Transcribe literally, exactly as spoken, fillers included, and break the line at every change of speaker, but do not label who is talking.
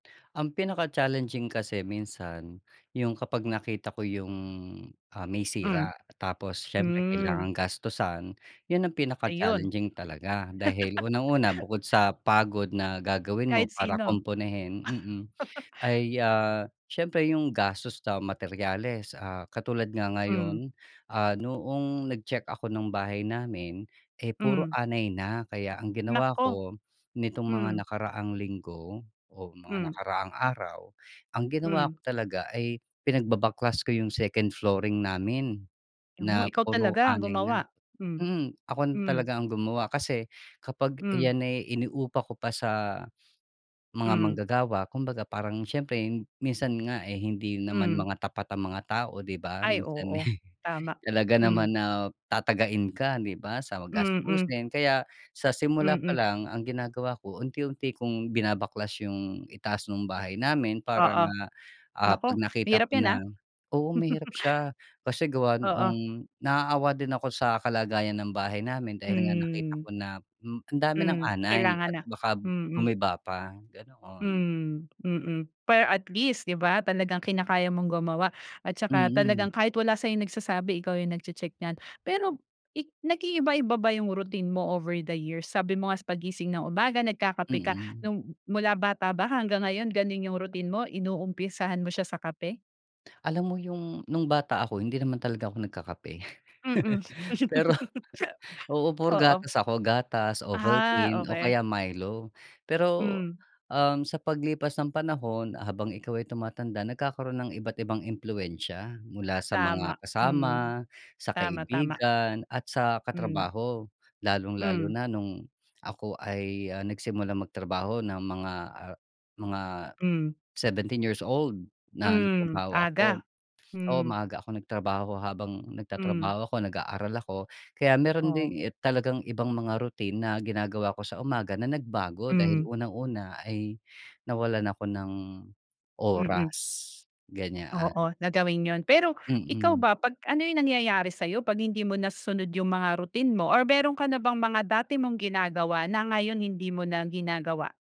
Ang pinaka challenging kasi minsan, yung kapag nakita ko yung, ah, may
Hmm.
sira tapos siyempre
Hmm.
kailangang gastusan yun ang pinaka
Ayun.
challenging talaga dahil unang-una bukod sa pagod na gagawin mo
Kahit
para
sino?
kumpunihin, mm, ay, ah, siyempre yung gastos sa materyales, ah, katulad nga
Hmm.
ngayon. Ah, noong nag-check ako nung bahay namin, eh, puro
Hmm.
anay na kaya ang ginawa
Naku!
ko, nitong mga
Hmm.
nakaraang linggo, o mga
Hmm.
nakaraang araw, ang ginawa
Hmm.
ko talaga ay pinagbabaklas ko yung second flooring namin,
Oh,
na
ikaw
puro
talaga ang
anay na.
gumawa? Hmm,
Mm, ako
hmm.
talaga ang gumawa kasi kapag
Hmm.
ayan ay ini-upa ko pa sa mga
Hmm.
manggagawa, kumbaga parang siyempre minsan nga, eh, hindi naman
Hmm.
mga tapat ang mga tao di ba?
Ay
Minsan, eh,
oo, tama.
talaga
Hmm.
naman na tatagain ka di ba, sa
Mm.
gastusin kaya sa simula pa
Mm.
lang ang ginagawa ko unti-unti kung binabaklas yung itaas ng bahay namin parang,
Oo,
ah,
naku
pag nakita
mahirap
ko
yan,
na
ah.
oo, mahirap siya. Kasi gawa
Oo.
noong naaawa din ako sa kalagayan ng bahay namin dahil nga nakita
Hmm.
ko na, hmm, ang dami ng
Hmm,
anay
kailangan
at
na,
baka
mm.
gumiba pa, ganoon.
Hmm, mm. Pero at least di ba talagang kinakaya mong gumawa at saka
Mm.
talagang kahit wala sayong nagsasabi ikaw yung nag-che-check niyan. Pero ik nag-iiba-iba ba yung routine mo over the years? Sabi mo nga sa paggising ng umaga nagkakape ka,
Mm.
nung mula bata ba hanggang ngayon gano'n yung routine mo? Inumpisahan mo siya sa kape?
Alam mo yung nung bata ako hindi naman talaga ako nagkakape.
Mm.
Pero oo, puro
Oo.
gatas ako, gatas,
Ah,
Ovaltine, o
okey.
kaya Milo. Pero,
Hmm.
um, sa paglipas ng panahon habang ikaw ay tumatanda nagkakaroon ng iba't ibang impluwensiya mula sa
Tama,
mga
hmm.
kasama, sa
Tama, tama.
kaibigan at sa
Hmm.
katrabaho. Lalong-lalo
Hmm.
na nung ako ay, ah, nagsimulang magtrabaho ng mga, ah, mga
Hmm.
seventeen years old na
Hmm,
nagtrabaho ako.
aga.
Oo,
Hmm.
maaga akong nagtrabaho habang
Hmm.
nagtatrabaho ako nag-aaral ako. Kaya mayro'n
Oh.
din talagang ibang mga routine na ginagawa ko sa umaga na nagbago dahil
Hmm.
unang-una ay nawalan ako ng
Mm.
oras, ganyan.
Oo na gawin yun. Pero ikaw
Mm.
ba, pag ano yung nangyayari sayo pag hindi mo nasusunod yung mga routine mo or mayro'n ka na bang mga dati mong ginagawa na ngayon hindi mo na ginagawa?